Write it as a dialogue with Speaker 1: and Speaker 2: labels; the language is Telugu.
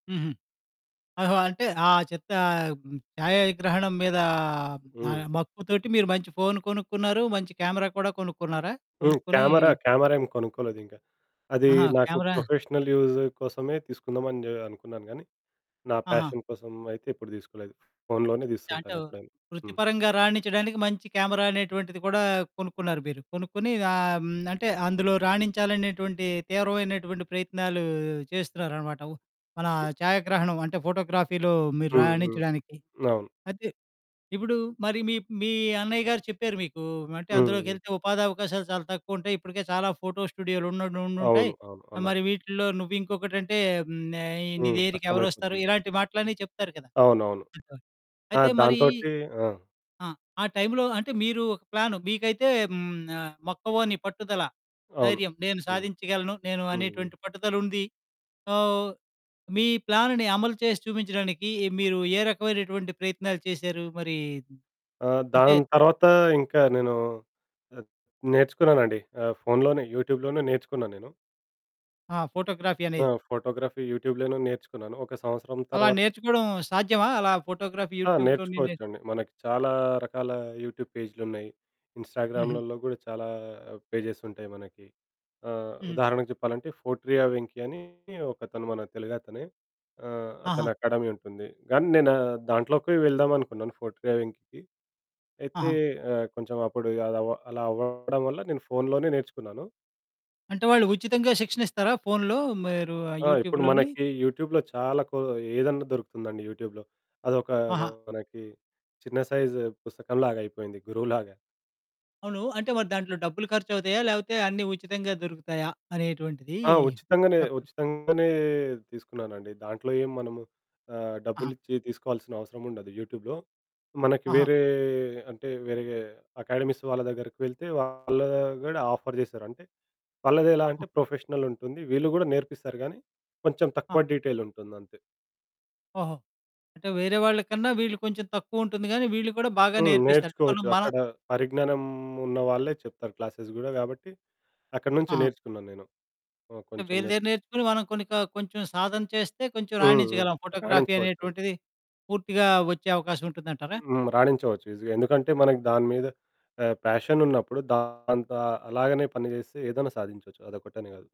Speaker 1: హుహు. ఓహో! అంటే ఆ చెత్త ఛాయాగ్రహణం మీద
Speaker 2: హ్మ్.
Speaker 1: ఆహ్, మక్కువతోటి మీరు మంచి ఫోను కొనుక్కున్నారు, మంచి కెమెరా కూడా కొనుక్కున్నారా?
Speaker 2: హ్మ్.
Speaker 1: కొనుక్కొని
Speaker 2: కామెరా కామెరా ఏమి కొనుక్కోలేదింకా. అది
Speaker 1: ఆహా!
Speaker 2: నాకు
Speaker 1: కామెరా.
Speaker 2: ప్రొఫెషనల్ యూజ్ కోసమే తీసుకుందామని ఆహ్, అనుకున్నాను కానీ నా
Speaker 1: ఆహా!
Speaker 2: పాషన్ కోసం అయితే ఎప్పుడు తీసుకోలేదు ఫోనులోనే
Speaker 1: అంటే
Speaker 2: తీసుతుంటాను ఎప్పుడైనా. హ్మ్.
Speaker 1: వృత్తిపరంగా రాణించడానికి మంచి కామెరా అనేటువంటిది కూడా కొనుక్కున్నారు మీరు. కొనుక్కొని ఆహ్, హ్మ్. అంటే అందులో రాణించాలనేటువంటి తీవ్రమైనటువంటి ప్రయత్నాలు చేస్తున్నారన్నమాట. మన ఛాయాగ్రహణం అంటే ఫోటోగ్రఫీలో మీరు
Speaker 2: హ్మ్. హ్మ్.
Speaker 1: రాణించడానికి.
Speaker 2: అవును.
Speaker 1: అయితే ఇప్పుడు మరి మీ మీ అన్నయ్య గారు చెప్పారు మీకు అంటే
Speaker 2: హుహు.
Speaker 1: "అందులోకెళ్తే ఉపాధి అవకాశాలు చాలా తక్కువుంటాయి, ఇప్పటికే చాలా ఫోటో స్టూడియోలు ఉండ్ ఉండుంటాయి
Speaker 2: అవును. అవును. అన్నారు.
Speaker 1: మరి వీటిల్లో నువ్వింకొకటంటే హ్మ్. ఆహ్, నీ
Speaker 2: హ్మ్.
Speaker 1: దగ్గరికెవరొస్తారు?"
Speaker 2: కష్టమైపోతుంది.
Speaker 1: ఇలాంటి మాటలన్నీ చెప్తారు కదా!
Speaker 2: అవునవును.
Speaker 1: [unintelligible] అయితే
Speaker 2: ఆహ్,
Speaker 1: మరి
Speaker 2: దాంతోటి ఆ!
Speaker 1: ఆ! ఆ టైంలో అంటే మీరు ఒక ప్లాను. మీకైతే హ్మ్. ఆహ్, మొక్కవోని పట్టుదల,
Speaker 2: అవును.
Speaker 1: ధైర్యం, నేను
Speaker 2: హ్మ్.
Speaker 1: సాధించగలను నేను
Speaker 2: హుహు.
Speaker 1: అనేటువంటి పట్టుదలుంది. సో, మీ ప్లానుని అమలు చేసి చూపించడానికి మీరు ఏ రకమైనటువంటి ప్రయత్నాలు చేశారు మరి?
Speaker 2: ఆ!
Speaker 1: అంటే
Speaker 2: దాని తర్వాత ఇంకా నేను అద్ నేర్చుకున్నానండి ఆహ్, ఫోనులోనే, యూట్యూబ్‌లోనే నేర్చుకున్నా నేను.
Speaker 1: ఆ! ఫోటోగ్రఫీ
Speaker 2: ఆ!
Speaker 1: అనేది.
Speaker 2: ఫోటోగ్రఫీ యూట్యూబ్‌లోనే నేర్చుకున్నాను. ఒక సంవత్సరం
Speaker 1: అలా
Speaker 2: తర్వాత
Speaker 1: నేర్చుకోవడం సాధ్యమా? అలా ఫోటోగ్రఫీ
Speaker 2: ఆ!
Speaker 1: యూట్యూబ్‌లోని నే
Speaker 2: నేర్చుకోవచ్చండి. మనకి చాలా రకాల యూట్యూబ్ పేజీలున్నాయి.
Speaker 1: హుహు.
Speaker 2: ఇంస్టాగ్రాములల్లో కూడా చాలా పేజెస్ ఉంటాయి మనకి. ఆహ్,
Speaker 1: హుహు.
Speaker 2: ఉదాహరణకు చెప్పాలంటే ఫోర్ట్రియా వెంకీ అని ఒకతను మన తెలుగతనే ఆహ్,
Speaker 1: ఆహా!
Speaker 2: అతనకాడమీ ఉంటుంది. కానీ నేను దాంట్లోకి వెళ్దామనుకున్నాను ఫోర్ట్రియా వెంకీకి అయితే
Speaker 1: ఆహా!
Speaker 2: ఆహ్, కొంచెం అప్పుడు ఆహ్, అదా అలా అవ్వడం వల్ల నేను ఫోనులోనే నేర్చుకున్నాను.
Speaker 1: అంటే వాళ్ళు ఉచితంగా శిక్షణిస్తారా? ఫోనులో మీరు ఆ
Speaker 2: ఆ! ఇప్పుడు
Speaker 1: యూట్యూబ్‌లోని?
Speaker 2: మనకి యూట్యూబ్‌లో చాలా కో ఏదైనా దొరుకుతుందండి యూట్యూబ్‌లో. అదొక
Speaker 1: ఆహా!
Speaker 2: మనకి చిన్న సైజు పుస్తకంలాగైపోయింది గురువులాగా.
Speaker 1: అవును. అంటే మరి దాంట్లో డబ్బులు ఖర్చవుతాయా? లేకపోతే అన్ని ఉచితంగా దొరుకుతాయా అనేటువంటిది
Speaker 2: ఆ! ఉచితంగానే,
Speaker 1: చెప్పండి?
Speaker 2: ఉచితంగానే తీసుకున్నానండి. దాంట్లో ఏం మనము ఆహ్,
Speaker 1: ఆహా!
Speaker 2: డబ్బులిచ్చి తీసుకోవాల్సిన అవసరముండదు యూట్యూబ్‌లో. మనకి
Speaker 1: ఆహా!
Speaker 2: వేరే అంటే వేరే అకాడమీస్ వాళ్ళ దగ్గరకెళ్తే వాళ్ళు కూడా ఆఫర్ చేశారు. అంటే వాళ్ళదెలా అంటే
Speaker 1: హ్మ్.
Speaker 2: ప్రొఫెషనల్ ఉంటుంది. వీళ్ళు కూడా నేర్పిస్తారు గానీ కొంచెం
Speaker 1: ఆ!
Speaker 2: తక్కువ డీటెయిల్ ఉంటుందంతే.
Speaker 1: ఓహో! అంటే వేరే వాళ్ళ కన్నా వీళ్ళు కొంచెం తక్కువుంటుంది గాని వీళ్ళు కూడా బాగా
Speaker 2: హ్మ్.
Speaker 1: నేర్పిస్తారు. అంటే మనం
Speaker 2: నేర్చుకోవచ్చు.
Speaker 1: మన
Speaker 2: అక్కడ పరిజ్ఞానం ఉన్న వాళ్ళే చెప్తారు క్లాసెస్ కూడా గాబట్టి అక్కడి నుంచి
Speaker 1: ఆహా!
Speaker 2: నేర్చుకున్నాను నేను. ఓహ్!
Speaker 1: అంటే
Speaker 2: కొంచెం
Speaker 1: వీళ్ళ దగ్గర
Speaker 2: నేర్చుకున్నా.
Speaker 1: నేర్చుకొని మనం కొన్ని క కొంచెం సాధన చేస్తే కొంచెం
Speaker 2: హుహు.
Speaker 1: రాణించగలం ఫోటోగ్రఫీ
Speaker 2: రాణించవచ్చండి.
Speaker 1: అనేటువంటిది పూర్తిగా వచ్చే అవకాశవుంటుందంటారా?
Speaker 2: హ్మ్. రాణించవచ్చు ఈజీగా. ఎందుకంటే మనకి దాని మీద ఆహ్, పాషన్ ఉన్నప్పుడు దాంతో అలాగానే పని చేస్తే ఏదైనా సాధించవచ్చు అదొక్కటనే కాదు.